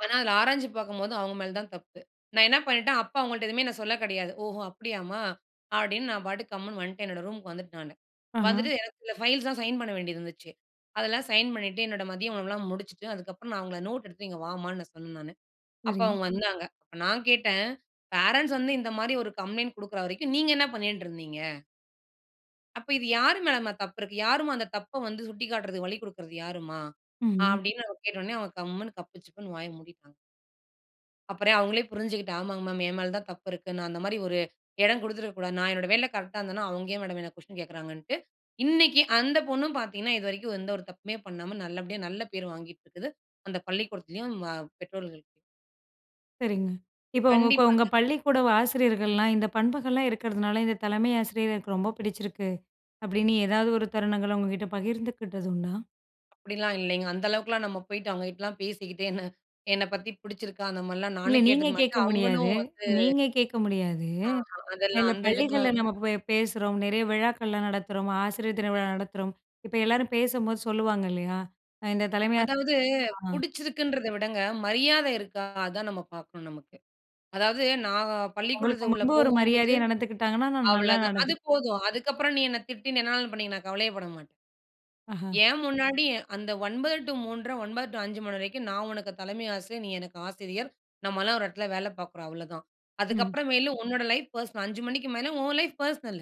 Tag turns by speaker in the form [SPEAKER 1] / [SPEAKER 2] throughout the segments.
[SPEAKER 1] ஆனா அதில ஆராய்ஞ்சு பாக்கும்போது அவங்க மேல தான் தப்பு. நான் என்ன பண்ணிட்டேன். அப்போ அவங்கள்ட்ட எதுவுமே நான் சொல்ல கெடையாது. ஓஹோ! அப்டியாமா. அப்டின்னு நான் பாட்டுக்கு கம்முனு வந்துட்டேன் நானு. என்னோட ரூமுக்கு வந்துட்டேன் நானு. வந்துட்டு
[SPEAKER 2] ஆஹ.
[SPEAKER 1] எனக்கு இந்த ஃபைல்ஸ்லாம் சைன் பண்ண வேண்டியது இருந்துச்சு. அதெல்லாம் சைன் பண்ணிட்டு, என்னோட மதிய உணவுலாம் முடிச்சுட்டு அதுக்கப்புறம் நான் அவங்கள நோட் எடுத்துட்டு இங்க வாம்மான்னு நான் சொன்னேன் நானு. அப்போ
[SPEAKER 2] சரி.
[SPEAKER 1] அவங்க வந்தாங்க. அப்போ நான் கேட்டேன், பே ரன்ட்ஸ் வந்து இந்த மாதிரி ஒரு கம்ப்ளைண்ட் கொடுக்குற வரைக்கும் நீங்க என்ன பண்ணிட்ருந்தீங்க? "அப்போ இது யார் மேலமா தப்பு இருக்கு? யாரும்மா அந்த தப்ப வந்து சுட்டிக்காட்டுறதுக்கு வழி கொடுக்றது யாரும்மா?"
[SPEAKER 2] ம்.
[SPEAKER 1] அப்டினு கேட்ட உடனே கம்முனு கப்பு சிப்புன்னு வாய மூடிட்டாங்க. அப்புறம் அவங்களே புரிஞ்சுட்டு "ஆமாங் மேம் என் மேல தான் தப்பு இருக்கு. நான் அந்த மாதிரி ஒரு இடம் குடுத்திருக்க கூடாது. நான் என்னோட வேலையில கரெக்ட்டா இருந்தேன்னா, அவங்க ஏன்? மேடம் என்ன குவெஸ்சன் கேட்கிறாங்கன்ட்டு," இன்னைக்கு அந்த பொண்ணும் பாத்தீங்கன்னா இதுவரைக்கும் எந்த ஒரு தப்புமே பண்ணாம நல்லபடியா நல்ல பேர் வாங்கிட்டு இருக்கு. அந்த பள்ளிக்கூடத்திலயும், வ பெற்றோர்கள்ட்டயும்.
[SPEAKER 2] சரிங்க. இப்போ உங்க கோ உங்க
[SPEAKER 1] கண்டிப்பாங்க.
[SPEAKER 2] பள்ளிக்கூட ஆசிரியர்கள்லாம் இந்த பண்புகள்லாம் இருக்கிறதுனால இந்த தலைமை ஆசிரியர் எனக்கு ரொம்ப பிடிச்சிருக்கு. அப்டின்னு ஏதாவது ஒரு தருணங்கள உங்ககிட்ட பகிர்ந்துக்கிட்டது உண்டா?
[SPEAKER 1] அப்டிலாம் இல்லைங்க. அந்த அளவுக்குலாம் நம்ப போயிட்டு அவங்ககிட்டலாம் பேசிகிட்டு என்ன என்ன பத்தி பிடிச்சிருக்கா? அந்த மாதிரிலாம்
[SPEAKER 2] இல்ல
[SPEAKER 1] நானும்
[SPEAKER 2] நீங்க
[SPEAKER 1] கேட்டுக்க
[SPEAKER 2] கேட்க
[SPEAKER 1] மாட்டேன்.
[SPEAKER 2] முடியாது
[SPEAKER 1] அவங்களும் வந்து
[SPEAKER 2] நீங்க கேட்க முடியாது.
[SPEAKER 1] ஆஹா அதெல்லாம்
[SPEAKER 2] இல்ல,
[SPEAKER 1] அந்த
[SPEAKER 2] பள்ளிகள்ல
[SPEAKER 1] இதுக்கெல்லாம்.
[SPEAKER 2] நம்ப போய் பேசுறோம், நெறைய விழாக்கள்லாம் நடத்துறோம், ஆசிரியர் தின விழா நடத்துறோம். இப்ப எல்லாரும் பேசும்போது சொல்லுவாங்க இல்லையா? அ இந்த தலைமை ஆச
[SPEAKER 1] அதாவது
[SPEAKER 2] ஆ.
[SPEAKER 1] பிடிச்சிருக்குதுங்கறத விடங்க மரியாத இருக்கா, அத தான் நம்ப பாக்கணும் நமக்கு. அதாவது நான்
[SPEAKER 2] உங்களுக்கு
[SPEAKER 1] பள்ளிக்கூடத்துக்கு உள்ள
[SPEAKER 2] முன்பு ஒரு
[SPEAKER 1] போகும்போது
[SPEAKER 2] மரியாதையா நடந்துக்கிட்டாங்கன்னா, நான் நல்லா
[SPEAKER 1] அவ்வளவுதான்
[SPEAKER 2] நடந்து
[SPEAKER 1] அது போதும். அதுக்கு அப்புறம் நீ என்ன திட்டி என்ன வேணாலும் பண்ணிக்க நான் கவலையே படமாட்டேன்.
[SPEAKER 2] ஆஹா.
[SPEAKER 1] என் முன்னாடி அந்த 9:00 டூ 3:30, 9:00 டூ 5 மணி வரைக்கும் நான் உனக்கு தலைமை ஆசிரியர். நீ எனக்கு ஆசிரியர். நம்மலாம் ஒரு இடத்துல வேலை பார்க்குறோம் அவ்வளோதான்.
[SPEAKER 2] ம்.
[SPEAKER 1] அதுக்கப்புறம் மேல உன்னோட லைஃப் பர்ஸ்னல் 5 மணிக்கு மேல உன் லைஃப் பெர்சனல்.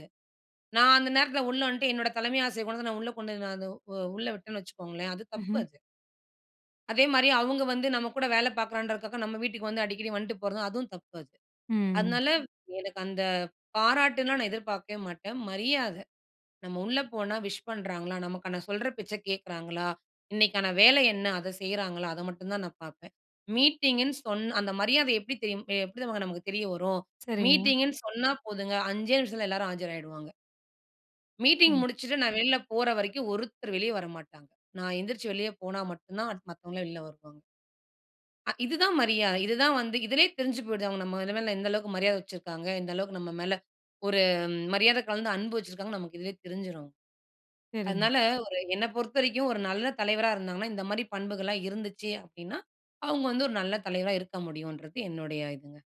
[SPEAKER 1] நான் அந்த நேரத்துல உள்ள வந்துட்டு என்னோட தலைமை ஆசிரியர் கொண்டு வந்து நான் உள்ள கொண்டு உள்ள விட்டேன்னு வச்சுக்கோங்களேன் அது தப்பு
[SPEAKER 2] ம்ஹ்ம்.
[SPEAKER 1] அது. அதே மாதிரி அவங்க வந்து நம்ப கூட வேல பார்க்குறன்றதுக்காக நம்ப வீட்டுக்கு வந்து அடிக்கடி வந்துட்டு போறதும் அதுவும் தப்பு அது.
[SPEAKER 2] ம்.
[SPEAKER 1] அதனால எனக்கு அந்த பாராட்டுலாம் நான் எதிர்பார்க்கவே மாட்டேன். மரியாத, "நம்ம உள்ளே போனா விஷ் பண்றாங்களா. நமக்கான சொல்ற பேச்ச கேட்குறாங்களா. இன்னைக்கான வேல என்ன அத செய்றாங்களா" அத மட்டும் தான் நான் பார்ப்பேன். மீட்டிங்குன்னு சொன்ன அந்த மரியாத எப்படி தெரியும் எப்படி தெரியுமாங்க நமக்கு தெரிய வரும்?
[SPEAKER 2] சரிங்க.
[SPEAKER 1] மீட்டிங்குன்னு சொன்னா போதுங்க, "5 நிமிஷத்தில எல்லாரும் ஆஜராயிடுவாங்க" மீட்டிங்
[SPEAKER 2] ம்.
[SPEAKER 1] முடிச்சுட்டு நான் வெளியில போற வரைக்கும் ஒருத்தர் வெளிய வரமாட்டாங்க. நான் எந்திரிச்சு வெளிய போனா மட்டும் தான் அடுத்து மத்தவங்கல்லாம் வெளில வருவாங்க அ இது தான் மரியாத. இது தான் வந்து இதிலயே தெரிஞ்சு போய்டுது. அவங்க நல் எந்த அளவுக்கு மரியாத வச்சிருக்காங்க. இந்த அளவுக்கு நம்ம மேல ஒரு மரியாத கலந்து அன்பு வச்சிருக்காங்க. நமக்கு இதுலயே தெரிஞ்சுரும்.
[SPEAKER 2] சரிங்க.
[SPEAKER 1] அதனால ஒரு என்ன பொறுத்தவரைக்கும் ஒரு நல்ல தலைவரா இருந்தாங்கன்னா, இந்த மாதிரி பண்புகள்லாம் இருந்துச்சு அப்படின்னா, அவங்க வந்து ஒரு நல்ல தலைவரா இருக்க முடியும்ன்றது என்னுடைய இதுங்க.